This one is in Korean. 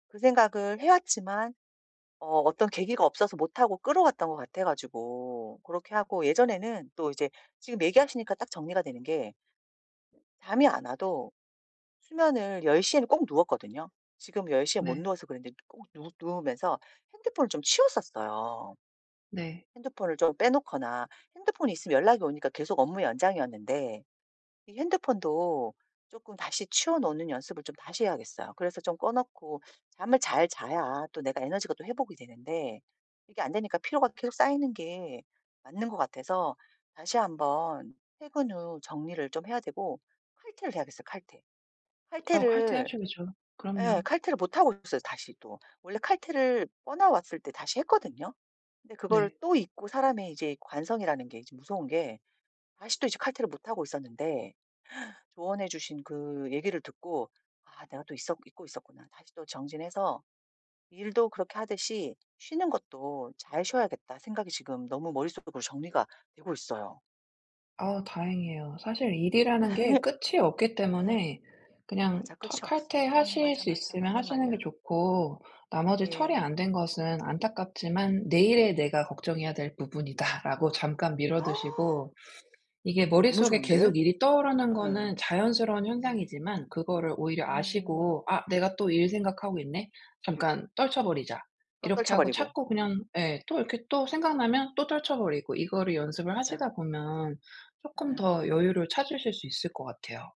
그 생각을 해 왔지만 어 어떤 계기가 없어서 못하고 끌어왔던 것 같아 가지고 그렇게 하고 예전에는 또 이제 지금 얘기하시니까 딱 정리가 되는 게 잠이 안 와도 수면을 10:00 에는 꼭 누웠거든요. 지금 10:00 에 못 네. 누워서 그랬는데 꼭 누 누우면서 핸드폰을 좀 치웠었어요. 네. 핸드폰을 좀 빼 놓거나 핸드폰이 있으면 연락이 오니까 계속 업무 연장이었는데 이 핸드폰도 쪼끔 다시 치워 놓는 연습을 좀 다시 해야겠어요. 그래서 좀 꺼 놓고 잠을 잘 자야 또 내가 에너지가 또 회복이 되는데 이게 안되니까 피로가 계속 쌓이는 게 맞는 것 같아서 다시 1 번 퇴근 후 정리를 좀 해야 되고 칼퇴를 해야겠어요 칼퇴. 어 칼퇴를 칼퇴하셔야죠. 그럼요. 예. 칼퇴를 못 하고 있어요 다시 또. 원래 칼퇴를 번아웃 왔을 때 다시 했거든요. 근데 그걸 네. 또 잊고 사람의 이제 관성이라는 게 이제 무서운 게 다시 또 이제 칼퇴를 못 하고 있었는데 조언해 주신 그 얘기를 듣고 '아 내가 또 있었 잊고 있었구나. 다시 또 정진해서 일도 그렇게 하듯이 쉬는 것도 잘 쉬어야겠다.' 생각이 지금 너무 머릿속으로 정리가 되고 있어요. 아 다행이에요. 사실 일이라는 게 끝이 없기 예. 때문에 그냥 맞아. 터 끝이 없어. 응 칼퇴하실 맞아, 수 맞아. 있으면 맞는 하시는 게 말이야. 좋고 나머지 네. 처리 안 된 것은 안타깝지만 '내일의 내가 걱정해야 될 부분이다.'라고 잠깐 미뤄두시고 이게 너무 머릿속에 좋은데? 계속 일이 떠오르는 거는 예. 자연스러운 음. 현상이지만 그거를 오히려 음. 아시고 '아 내가 또 일 생각하고 있네. 잠깐 떨쳐 버리자.' 또 이렇게 떨쳐 하고 버리고. 자꾸 음. 그냥 예 또 이렇게 또 생각나면 또 떨쳐 버리고 이거를 연습을 맞아. 하시다 보면 쪼끔 예. 더 여유를 찾으실 수 있을 것 같아요.